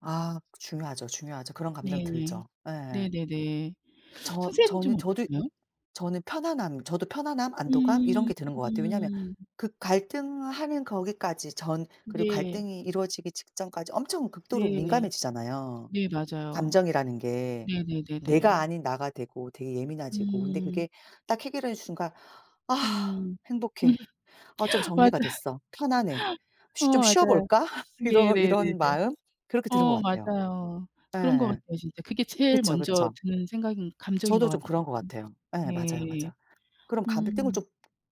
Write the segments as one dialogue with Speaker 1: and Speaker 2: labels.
Speaker 1: 아 중요하죠, 중요하죠. 그런 감정
Speaker 2: 네네.
Speaker 1: 들죠. 예.
Speaker 2: 네네네.
Speaker 1: 저
Speaker 2: 선생님은 좀
Speaker 1: 저는 저도
Speaker 2: 어떠세요?
Speaker 1: 저는 편안함 저도 편안함 안도감 이런
Speaker 2: 음
Speaker 1: 게 드는 것 같아요. 왜냐하면
Speaker 2: 음.
Speaker 1: 그 갈등하는 거기까지 전 그리고
Speaker 2: 네.
Speaker 1: 갈등이 이루어지기 직전까지 엄청 극도로
Speaker 2: 네.
Speaker 1: 민감해지잖아요,
Speaker 2: 네 맞아요.
Speaker 1: 감정이라는 게. 내가
Speaker 2: 네네네네.
Speaker 1: 아닌 나가 되고 되게 예민해지고 근데
Speaker 2: 음.
Speaker 1: 그게 딱 해결한 순간 '아
Speaker 2: 음. 음
Speaker 1: 행복해. 아 좀
Speaker 2: 맞아요.
Speaker 1: 정리가 됐어. 편안해.
Speaker 2: 어
Speaker 1: 쉬 좀
Speaker 2: 맞아요.
Speaker 1: 쉬어볼까?' 이러
Speaker 2: 네네네네.
Speaker 1: 이런 마음 그렇게 드는 것
Speaker 2: 어
Speaker 1: 같아요.
Speaker 2: 맞아요. 그런 것
Speaker 1: 예예.
Speaker 2: 같아요 진짜. 그게 제일
Speaker 1: 그쵸,
Speaker 2: 먼저
Speaker 1: 그쵸.
Speaker 2: 드는 생각인 감정인
Speaker 1: 저도
Speaker 2: 것 같
Speaker 1: 좀 그런 것 같아요. 예 맞아요,
Speaker 2: 예.
Speaker 1: 맞아. 그럼 가불등을
Speaker 2: 음.
Speaker 1: 좀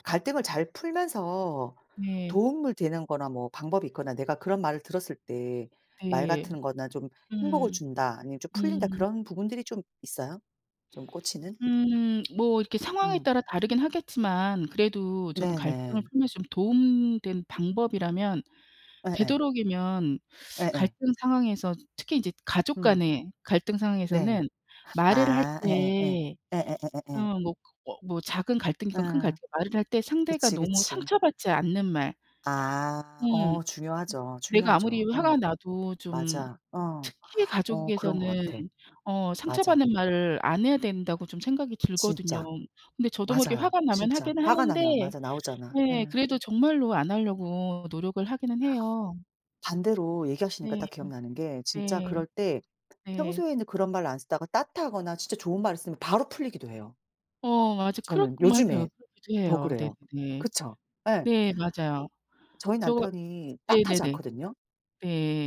Speaker 1: 갈등을 잘 풀면서
Speaker 2: 네.
Speaker 1: 도움을 되는 거나 뭐 방법이 있거나 내가 그런 말을 들었을 때 말
Speaker 2: 네.
Speaker 1: 같은 거나 '좀 행복을
Speaker 2: 음.
Speaker 1: 준다.' 아니면 '좀 풀린다.'
Speaker 2: 음.
Speaker 1: 그런 부분들이 좀 있어요, 좀 꽂히는?
Speaker 2: 음 뭐 이렇게 상황에
Speaker 1: 음.
Speaker 2: 따라 다르긴 하겠지만 그래도 저는 갈등을
Speaker 1: 네네.
Speaker 2: 풀면서 좀 도움 된 방법이라면
Speaker 1: 예예.
Speaker 2: 되도록이면
Speaker 1: 예예.
Speaker 2: 갈등 상황에서 특히 이제 가족
Speaker 1: 음.
Speaker 2: 간의 갈등
Speaker 1: 네.
Speaker 2: 상황에서는 말을 할
Speaker 1: 아 예예예
Speaker 2: 때
Speaker 1: 예예예예예.
Speaker 2: 어 뭐 그 어 뭐 작은 갈등이건 큰
Speaker 1: 예.
Speaker 2: 갈등이건 말을 할 때 상대가
Speaker 1: 그치,
Speaker 2: 너무
Speaker 1: 그치.
Speaker 2: 상처받지 않는 말
Speaker 1: 아
Speaker 2: 음.
Speaker 1: 어 중요하죠.
Speaker 2: '내가 아무리
Speaker 1: 중요하죠. 어.
Speaker 2: 화가 나도 좀
Speaker 1: 맞아. 어.
Speaker 2: 특히
Speaker 1: 어 그런 것
Speaker 2: 가족에서는
Speaker 1: 같아.
Speaker 2: 어
Speaker 1: 맞아.
Speaker 2: 상처받는 말을 안 해야 된다.'고 좀 생각이 들거든요.
Speaker 1: 진짜.
Speaker 2: 근데 저도 모르게
Speaker 1: 맞아요,
Speaker 2: 화가 나면
Speaker 1: 진짜.
Speaker 2: 하긴
Speaker 1: 화가
Speaker 2: 하는데
Speaker 1: 나면 맞아 나오잖아.
Speaker 2: 네
Speaker 1: 예.
Speaker 2: 그래도 정말로 안 하려고 노력을 하기는 해요.
Speaker 1: 반대로 얘기하시니까
Speaker 2: 네.
Speaker 1: 딱 기억나는 게 진짜
Speaker 2: 네.
Speaker 1: 그럴 때
Speaker 2: 네.
Speaker 1: 평소에는 그런 말을 안 쓰다가 따뜻하거나 진짜 좋은 말을 쓰면 바로 풀리기도 해요.
Speaker 2: 어 맞아. 크럭
Speaker 1: 저는 요즘에
Speaker 2: 맞아요. 그러기도
Speaker 1: 더
Speaker 2: 해요.
Speaker 1: 그래요.
Speaker 2: 네네네.
Speaker 1: 그쵸? 예.
Speaker 2: 네 맞아요.
Speaker 1: 저희
Speaker 2: 저
Speaker 1: 남편이 따뜻하지
Speaker 2: 네네네.
Speaker 1: 않거든요.
Speaker 2: 네.